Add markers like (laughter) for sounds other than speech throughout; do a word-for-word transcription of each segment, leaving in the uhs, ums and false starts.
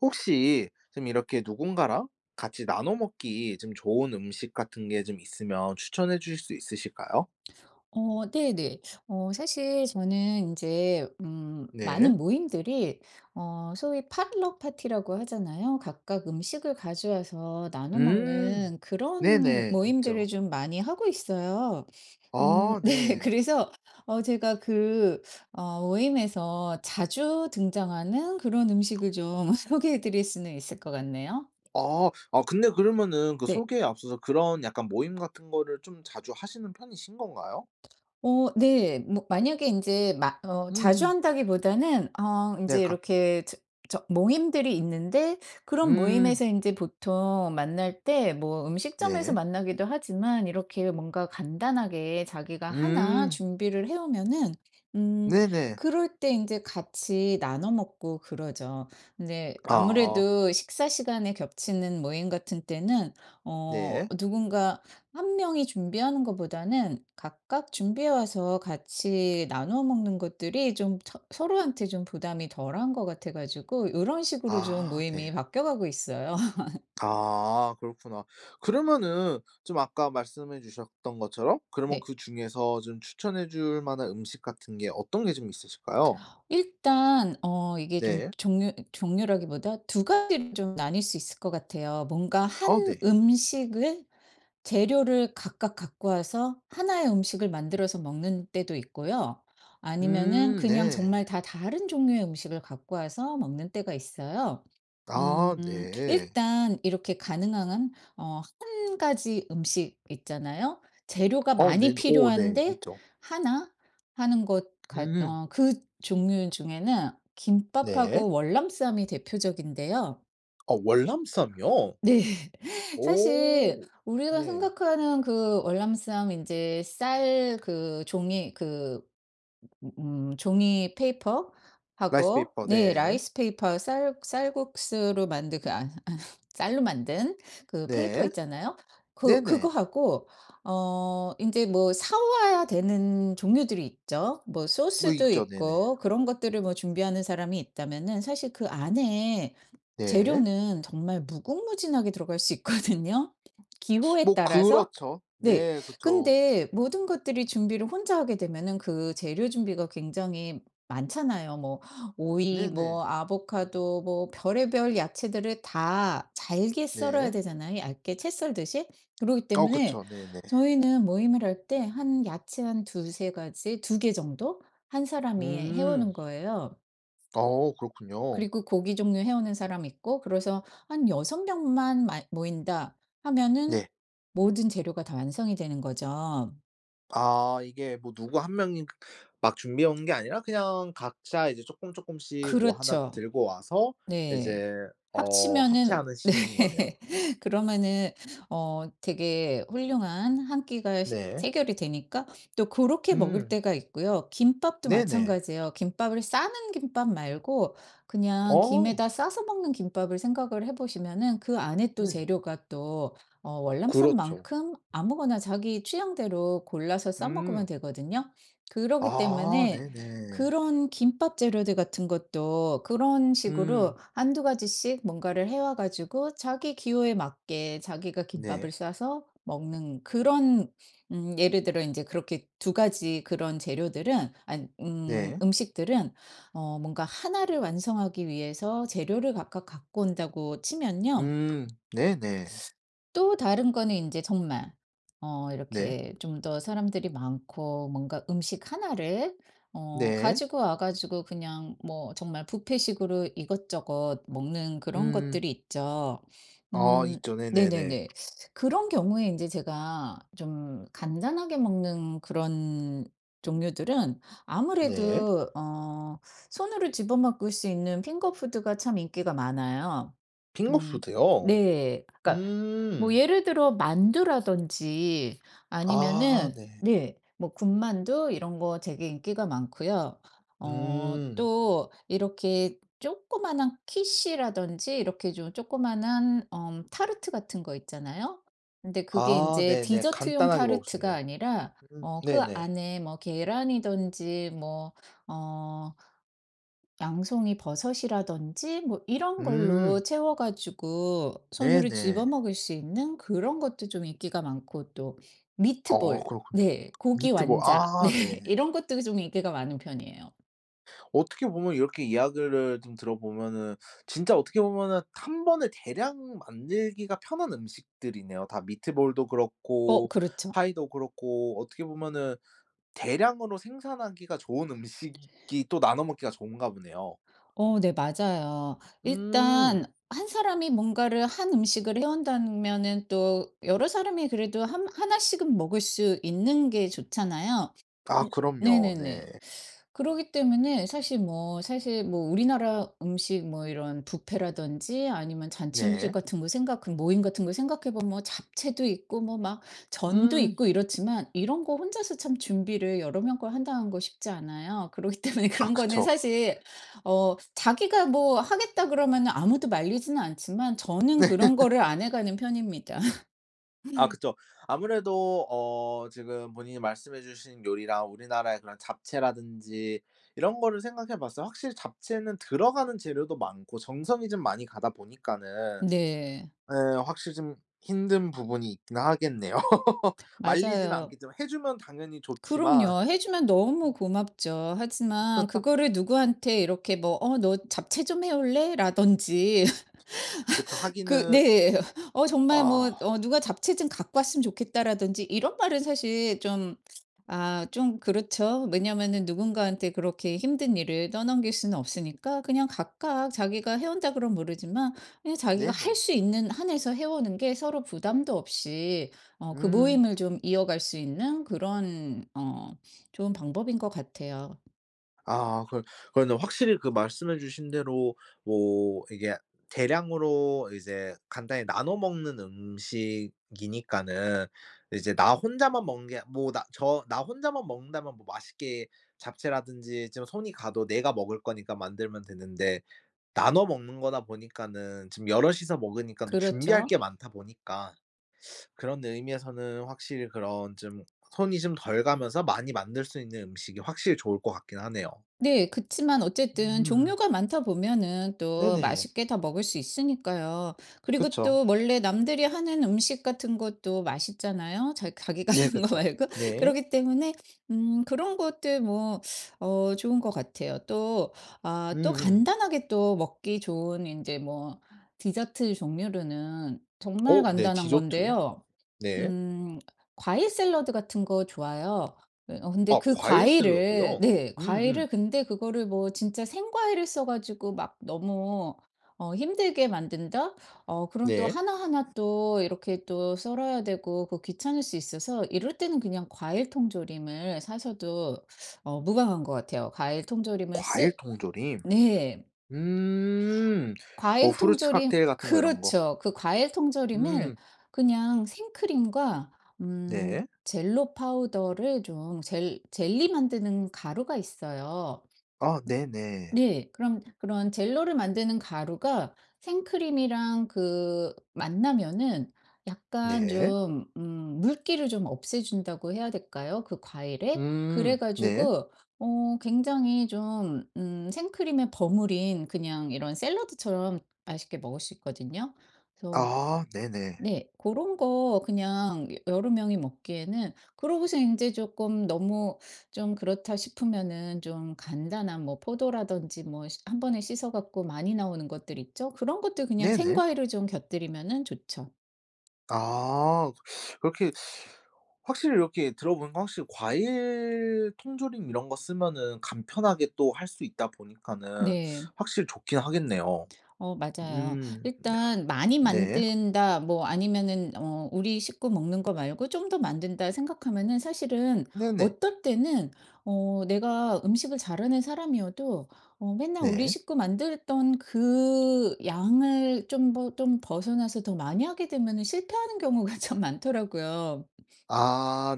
혹시 좀 이렇게 누군가랑 같이 나눠 먹기 좀 좋은 음식 같은 게 좀 있으면 추천해 주실 수 있으실까요? 어 네네. 어 사실 저는 인제 음 네. 많은 모임들이 어 소위 포틀럭 파티라고 하잖아요. 각각 음식을 가져와서 나눠 음. 먹는 그런 네네 모임들을 있죠. 좀 많이 하고 있어요. 음 아 네. 네. 그래서 어 제가 그 어 모임에서 자주 등장하는 그런 (clicks tongue) 음식을 좀 (laughs) 소개해 드릴 수는 있을 것 같네요. 아. 아 근데 그러면은 그 네. 소개에 앞서서 그런 약간 모임 같은 거를 좀 자주 하시는 편이신 건가요? 어 네. 뭐 만약에 인제 마 어 자주 음음. 한다기보다는 어 네. 인제 강 이렇게 저 저 모임들이 있는데 그런 음. 모임에서 인제 보통 만날 때 뭐 음식점에서 네. 만나기도 하지만 이렇게 뭔가 간단하게 자기가 하나 음. 준비를 해 오면은 음 네네. 그럴 때 인제 같이 나눠 먹고 그러죠. 근데 아. 아무래도 식사 시간에 겹치는 모임 같은 때는 어 네. 누군가 한 명이 준비하는 거보다는 각각 준비해 와서 같이 나눠 먹는 것들이 좀 처 서로한테 좀 부담이 덜 한 것 같아 가지고 요런 식으로 좀 아 네. 모임이 바뀌어 가고 있어요. (laughs) 아 그렇구나. 그러면은 좀 아까 말씀해 주셨던 것처럼 그러면 네. 그중에서 좀 추천해 줄 만한 음식 같은 게 어떤 게 좀 있으실까요? 일단 어 이게 좀 네. 종류 종류라기보다 두 가지를 좀 나뉠 수 있을 것 같아요. 뭔가 어 한 네. 음식을 재료를 각각 갖고 와서 하나 의 음식을 만들어서 먹는 때도 있고요. 아니면은 음 그냥 네. 정말 다 다른 종류의 음식을 갖고 와서 먹는 때가 있어요. 아 음 네. 일단 이렇게 가능하한 어 한 가지 음식 있잖아요? 재료가 어 네. 많이 오 네. 필요한데 있죠. 하나 하는 것 같 음. 어 그 종류 중에는 네. 김밥하고 월남쌈이 대표적인데요. 어 월남쌈이요? 네. 사실 오 우리가 네. 생각하는 그 월남쌈 인제 쌀 그 종이 그 음 음 음 종이 페이퍼하고 라이스페이퍼 네 네. 라이스페이퍼 쌀 쌀국수로 만든 그 아 아 (laughs) 쌀로 만든 그 페이퍼 네. 있잖아요. 그 그거 네네. 하고 어 인제 뭐 사 와야 되는 종류들이 있죠. 뭐 뭐 소스도 있죠. 네네. 있고 그런 것들을 뭐 준비하는 사람이 있다면은 사실 그 안의 네. 재료는 정말 무궁무진하게 들어갈 수 있거든요 (sucks teeth) 기호에 뭐 따라서? 그렇죠. 네. 네 그쵸. 근데 모든 것들이 준비를 혼자 하게 되면은 그 재료 준비가 굉장히 많잖아요. 뭐 오이 네네. 뭐 아보카도 뭐 별의별 야채들을 다 잘게 썰어야 네. 되잖아요 얇게 채 썰듯이. 그렇기 어 때문에 그쵸. 네네. 저희는 모임을 할 때 한 야채 한 두세 가지 두 개 정도 한 사람이 해 음. 오는 거예요. 어 그렇군요. 그리고 고기 종류 해 오는 사람 있고 그래서 한 '여섯 명만 마 모인다.' 하면은 네. 모든 재료가 다 완성이 되는 거죠. 아 이게 뭐 누구 한 명이 막 준비해 오는 게 아니라 그냥 각자 이제 쪼끔쪼끔씩 뭐 하나 그렇죠. 들고 와서 네. 이제 어 합치면은 합체하는 네. 식인 거네요. (laughs) 그러면은 어 되게 훌륭한 한 끼가 식 네. 해결이 되니까 또 고렇게 먹을 음. 때가 있고요. 김밥도 네네. 마찬가지예요. 김밥을 싸는 김밥 말고 그냥 어. 김에다 싸서 먹는 김밥을 생각을 해 보시면은 그 안의 또 네. 재료가 또 어 그렇죠. 월남쌈만큼 아무거나 자기 취향대로 골라서 싸 먹으면 음. 되거든요. 그러기 아 때문에 네. 그런 김밥 재료들 같은 것도 그런 식으로 음. 한두 가지씩 뭔가를 해 와 가지고 자기 기호에 맞게 자기가 네. 김밥을 싸서 먹는 그런 음 예를 들어 인제 그렇게 두 가지 그런 재료들은 안 음 네. 음식들은 어 뭔가 하나 를 완성하기 위해서 재료를 각각 갖고 온다고 치면요. 음 네네. 또 다른 거는 인제 정말 어 네. 이렇게 좀 더 사람들이 많고 뭔가 음식 하나 를 어 네. 가지고 와 가지고 그냥 뭐 정말 뷔페식으로 이것저것 먹는 그런 음. 것들이 있죠. 아 음 있죠. 네네네. 네네네. (sucks teeth) 그런 경우에 인제 제가 좀 간단하게 먹는 그런 종류들은 네. 아무래도 어 손으로 집어 먹을 수 있는 핑거푸드가 참 인기가 많아요. 음 핑거푸드요? 네. 그러니까 뭐 음. 예를 들어 만두라든지 아 아니면은 네. 네. 뭐 군만두 이런 거 되게 인기가 많고요. 어 음. 또 이렇게 조그만한 키슈라든지 이렇게 좀 조그만한 어 타르트 같은 거 있잖아요. 근데 그게 아 인제 네네. 디저트용 간단하게 먹을 수 타르트가 있는. 아니라 음 어 그 네네. 안에 뭐 계란이든지 뭐 어 양송이버섯이라든지 뭐 이런 음. 걸로 채워 가지고 손으로 네네. 집어 먹을 수 있는 그런 것도 좀 인기가 많고. 또 아 미트볼, 그렇군요. 네. 고기 미트볼. 완자. 네. 아 네. 이런 것도 좀 인기가 많은 편이에요. 어떻게 보면 이렇게 이야기를 좀 들어 보면은 진짜 어떻게 보면은 한 번에 대량 만들기가 편한 음식들이네요, 다. 미트볼도 어 그렇고 그렇죠. 파이도 그렇고 어떻게 보면은 대량으로 생산하기가 좋은 음식이 또 나눠 먹기가 좋은가 보네요. 어 네 맞아요. 음. 일단 한 사람이 뭔가를 한 음식을 해 온다면은 또 여러 사람이 그래도 한 하나 씩은 먹을 수 있는 게 좋잖아요. 아 음 그럼요. 네네네. 네. 그러기 때문에 사실 뭐 사실 뭐 우리나라 음식 뭐 이런 뷔페라든지 아니면 잔치 음식 네. 같은 거 생각 그 모임 같은 거 생각해 보면 뭐 잡채도 있고 뭐 막 전도 음. 있고 이렇지만 이런 거 혼자서 참 준비를 여러 명 걸 한다는 거 쉽지 않아요. 그러기 때문에 아 그런 거는 그쵸. 사실 어 "자기가 뭐 하겠다." 그러면은 아무도 말리지는 않지만 저는 그런 (laughs) 거를 안 해 가는 편입니다. 아 (laughs) 그쵸. 아무래도 어 지금 본인이 말씀해 주신 요리랑 우리나라의 그런 잡채라든지 이런 거를 생각해 봤어요. 확실히 잡채는 들어가는 재료도 많고 정성이 좀 많이 가다 보니까는 네. 예 확실히 좀 힘든 부분이 있긴 하겠네요. (laughs) 말리지는 맞아요. 않겠지만. 해 주면 당연히 좋지만. 그럼요. 해 주면 너무 고맙죠. 하지만 (laughs) 그거를 누구한테 이렇게 뭐 어 "너 잡채 좀 해 올래?"라든지 그쵸. (laughs) 하기는 그 네. 어 정말 뭐 아. 어 "누가 잡채 좀 갖고 왔으면 좋겠다."라든지 이런 말은 사실 좀 아 좀 그렇죠. 왜냐하면은 누군가한테 그렇게 힘든 일을 떠넘길 수는 없으니까 그냥 각각 "자기가 해 온다." 그러면 모르지만 그냥 자기가 할 네네. 수 있는 한에서 해 오는 게 서로 부담도 없이 어 그 음. 모임을 좀 이어갈 수 있는 그런 어 좋은 방법인 것 같아요. 아 그걸 그거는 확실히 그 말씀해 주신 대로 뭐 이게 대량으로 이제 간단히 나눠 먹는 음식이니까는 이제 나 혼자만 먹는 게 뭐 나 저 나 혼자만 먹는다면 뭐 맛있게 잡채라든지 좀 손이 가도 내가 먹을 거니까 만들면 되는데 나눠 먹는 거다 보니까는 지금 여럿이서 먹으니깐 또 준비할 게 그렇죠. 많다 보니까 (sucks teeth) 그런 의미에서는 확실히 그런 좀 손이 좀 덜 가면서 많이 만들 수 있는 음식이 확실히 좋을 것 같긴 하네요. 네. 그치만 어쨌든 음. 종류가 많다 보면은 또 네네. 맛있게 다 먹을 수 있으니까요. 그리고 그쵸. 또 원래 남들이 하는 음식 같은 것도 맛있잖아요, 자 자기가 네 하는 거 그쵸. 말고. 네. 그렇기 때문에 음 그런 것들 뭐 어 좋은 것 같아요. 또 아 또 음음. 간단하게 또 먹기 좋은 인제 뭐 디저트 종류로는 정말 어 네 간단한 디저트. 건데요. 네. 음 과일 샐러드 같은 거 좋아요. 예 어 근데 아 그 과일 과일을 샐러드요? 네 음음. 과일을 근데 그거를 뭐 진짜 생과일을 써 가지고 막 너무 어 힘들게 만든다? 어 그럼 또 네. 하나하나 또 이렇게 또 썰어야 되고 그 귀찮을 수 있어서 이럴 때는 그냥 과일 통조림을 사셔도 어 무방한 것 같아요. 과일 통조림을 과일 쓰 통조림? 네. 음. 어 과일 후르츠 통조림 칵테일 같은 거. 이런 거. 그렇죠. 그 과일 통조림을 음. 그냥 생크림과 음 네. 젤로 파우더를 좀 젤 젤리 만드는 가루가 있어요. 아 음 네네. 네. 그럼 그런 젤로를 만드는 가루가 생크림이랑 그 만나면은 약간 네. 좀 음 물기를 좀 없애 준다고 해야 될까요, 그 과일의? 음. 그래 네. 가지고 어 굉장히 좀 음 생크림에 버무린 그냥 이런 샐러드처럼 맛있게 먹을 수 있거든요. 그래서 아 네네. 네. 고런 거 그냥 여러 명이 먹기에는 그러고서 인제 쪼끔 '너무 좀 그렇다.' 싶으면은 좀 간단한 뭐 포도라든지 뭐 씨 한 번에 씻어 갖고 많이 나오는 것들 있죠. 그런 것들 그냥 네네. 생과일을 좀 곁들이면은 좋죠. 아 (sucks teeth) 그렇게 (sucks teeth) 확실히 이렇게 들어 보니까 확실히 과일 통조림 이런 거 쓰면은 간편하게 또 할 수 있다 보니까는 네. 확실히 좋긴 하겠네요. 어 맞아요. 음. 일단 (clicks tongue) '많이 네. 만든다.' 뭐 아니면은 어 '우리 식구 먹는 거 말고 좀 더 만든다.' 생각하면은 사실은 네네. 어떨 때는 어 내가 음식을 잘하는 사람이어도 어 맨날 우리 네. 식구 만들던 그 양을 좀 버 좀 벗어나서 더 많이 하게 되면은 실패하는 경우가 참 많더라고요. 아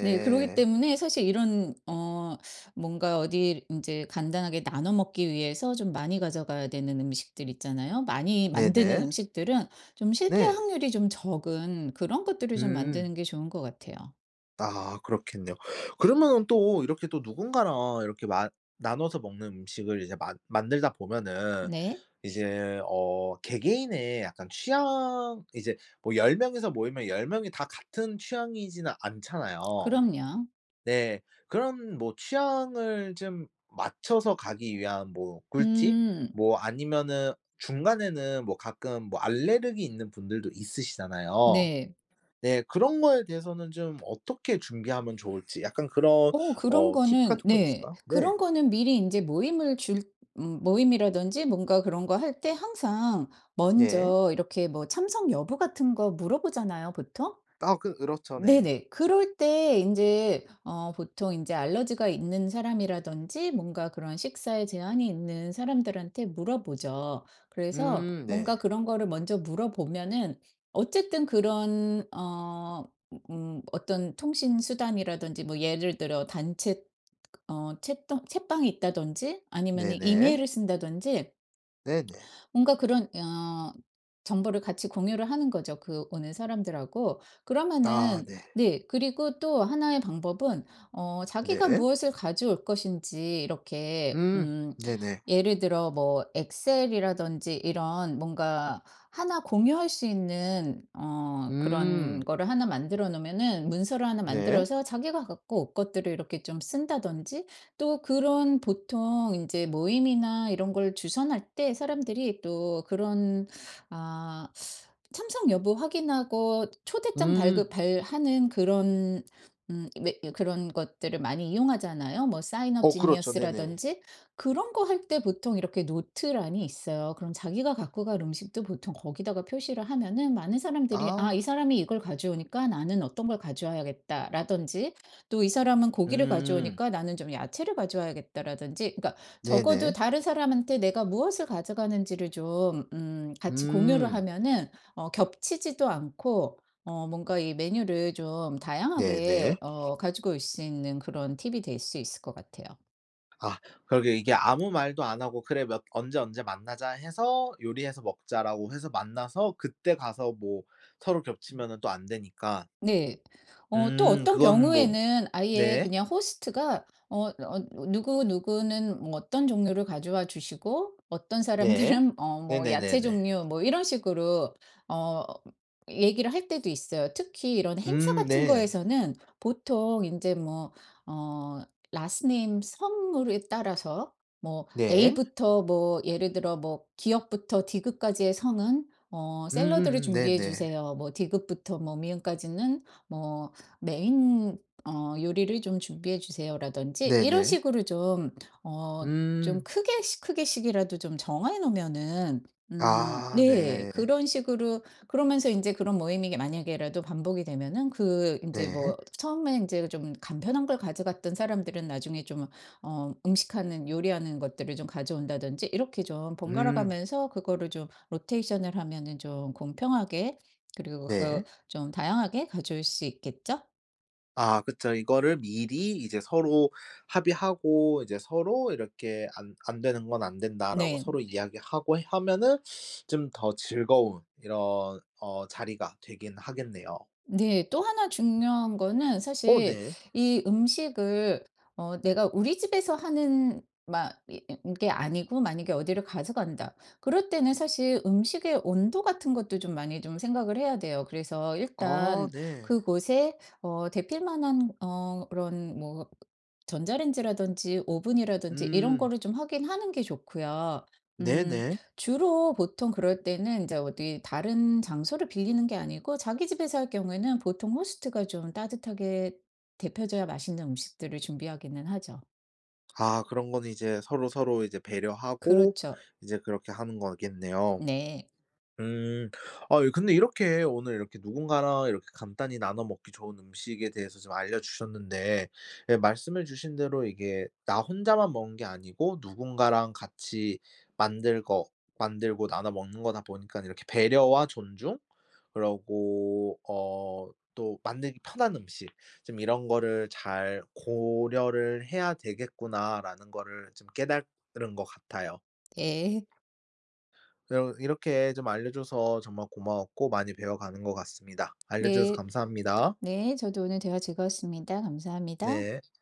네. 그러기 때문에 사실 이런 어 뭔가 어디를 인제 간단하게 나눠 먹기 위해서 좀 많이 가져가야 되는 음식들 있잖아요. 많이 만드는 네네. 음식들은 좀 실패할 네. 확률이 좀 적은 그런 것들을 좀 음. 만드는 게 좋은 것 같아요. 아 그렇겠네요. 그러면은 또 이렇게 또 누군가랑 이렇게 만 나눠서 먹는 음식을 이제 만 만들다 보면은 네. 이제 어 개개인의 약간 취향, 이제 뭐 열 명이서 모이면 열 명이 다 같은 취향이지는 않잖아요. 그럼요. 네. 그런 뭐 취향을 좀 맞춰서 가기 위한 뭐 꿀팁, 음. 뭐 아니면은 중간에는 뭐 가끔 뭐 알레르기 있는 분들도 있으시잖아요. 네. 네. 그런 거에 대해서는 좀 어떻게 준비하면 좋을지 약간 그런 어 그런 어 팁 거는 같은 건 네 있을까요? 네. 그런 거는 미리 인제 모임을 줄 음 모임이라든지 뭔가 그런 거 할 때 항상 네. 먼저 이렇게 뭐 참석 여부 같은 거 물어보잖아요, 보통. 아 그 그렇죠 네. 네네. 그럴 때 인제 어 보통 인제 알러지가 있는 사람이라든지 뭔가 그런 식사에 제한이 있는 사람들한테 물어보죠. 그래서 음 네. 뭔가 그런 거를 먼저 물어보면은 어쨌든 그런 어 으음 어떤 통신 수단이라든지 뭐 예를 들어 단체 어 챗통 챗방이 있다든지 아니면은 네네. 이메일을 쓴다든지 네네. 뭔가 그런 어 정보를 같이 공유를 하는 거죠, 그 오는 사람들하고. 아 그러면은 네. 네 그리고 또 하나 의 방법은 어 자기가 네. 무엇을 가져올 것인지 이렇게 음. 음 네네. 예를 들어 뭐 엑셀이라든지 이런 뭔가 하나 공유할 수 있는 어 그런 음. 거를 하나 만들어 놓으면은 문서를 하나 네. 만들어서 자기가 갖고 올 것들을 이렇게 좀 쓴다든지 또 그런 보통 인제 모임이나 이런 걸 주선할 때 사람들이 또 그런 아 참석 여부 확인하고 초대장 음. 발급 발하는 그런 음 왜 예 그런 것들을 많이 이용하잖아요. 뭐 사인업 어 그렇죠. 네네. 지니어스라든지 그런 거 할 때 보통 이렇게 노트란이 있어요. 그럼 자기가 갖고 갈 음식도 보통 거기다가 표시를 하면은 많은 사람들이 아 '이 아. 사람이 이걸 가져오니까 나는 어떤 걸 가져와야겠다.'라든지 또 '이 사람은 고기를 음. 가져오니까 나는 좀 야채를 가져와야겠다.'라든지 그러니까 적어도 네네. 다른 사람한테 내가 무엇을 가져가는지를 좀 음 같이 공유를 음. 하면은 어 겹치지도 않고 어 뭔가 이 메뉴를 좀 네. 네. 다양하게 어 가지고 올 수 있는 그런 팁이 될 수 있을 것 같아요. 아 그러게요. 이게 아무 말도 안 하고 "그래. 몇 언제 언제 만나자." 해서 "요리해서 먹자."라고 해서 만나서 그때 가서 뭐 서로 겹치면은 또 안 되니까. 네. 어 또 음 어떤 그거는 뭐 경우에는 아예 네. 그냥 호스트가 어 어 "누구누구는 뭐 어떤 종류를 가져와 주시고 어떤 네. 사람들은 어 뭐 야채 네네네네. 종류..." 뭐 이런 식으로 어 얘기를 할 때도 있어요. 특히 이런 행사 음 같은 네. 거에서는 보통 인제 뭐 어 라스트 네임, 성으로 따라서 뭐 네. A부터 뭐 예를 들어 뭐 "ㄱ부터 ㄷ까지의 성은 어 샐러드를 음음음. 준비해 네네. 주세요. 뭐 ㄷ부터 뭐 ㅁ까지는 뭐 메인 어 요리를 좀 준비해 주세요."라든지 이런 네네. 식으로 좀 어 좀 음. 크게씩, 크게씩이라도 좀 정해 놓으면은 음 아 네. 네. 그런 식으로 그러면서 인제 그런 모임이 만약에라도 반복이 되면은 그 인제 네. 뭐 처음에 인제 좀 간편한 걸 가져갔던 사람들은 나중에 좀 어 음식 하는, 요리하는 것들을 좀 가져온다든지 이렇게 좀 음. 번갈아가면서 그거를 좀 로테이션을 하면은 좀 공평하게 그리고 네. 그거 좀 다양하게 가져올 수 있겠죠? 아 그쵸. 이거를 미리 이제 서로 합의하고 이제 서로 이렇게 "안 안 되는 건 안 된다."라고 네. 서로 이야기하고 하면은 좀 더 즐거운 이런 어 자리가 되긴 하겠네요. 네. 또 하나 중요한 거는 어 사실 네. 이 음식을 어 내가 우리 집에서 하는 막 이 이 이게 아니고 만약에 '어디를 가져간다.' 그럴 때는 사실 음식의 온도 같은 것도 좀 많이 좀 생각을 해야 돼요. 그래서 아 일단 네. 그곳에 어 덥힐만한 어 그런 뭐 전자레인지라든지 오븐이라든지 이런 음. 거를 좀 확인하는 게 좋고요. 음 네네. 주로 보통 그럴 때는 이제 어디 다른 장소를 빌리는 게 아니고 자기 집에서 할 경우에는 보통 호스트가 좀 따뜻하게 덥혀져야 맛있는 음식들을 준비하기는 하죠. 아 그런 거는 이제 서로서로 이제 배려하고 그렇죠. 이제 그렇게 하는 거겠네요. 네. 음. 아 이 근데 이렇게 오늘 이렇게 누군가랑 이렇게 간단히 나눠 먹기 좋은 음식에 대해서 좀 알려주셨는데 예 말씀해 주신 대로 이게 나 혼자만 먹는 게 아니고 누군가랑 같이 만들 거 만들고 나눠 먹는 거다 보니깐 이렇게 '배려와 존중 그러고 어 또 만들기 편한 음식 좀 이런 거를 잘 고려를 해야 되겠구나.'라는 거를 좀 깨달은 것 같아요. 예. 이럼 이렇게 좀 알려줘서 정말 고마웠고 많이 배워가는 것 같습니다. 알려주셔서 네. 감사합니다. 네 저도 오늘 대화 즐거웠습니다. 감사합니다. 네.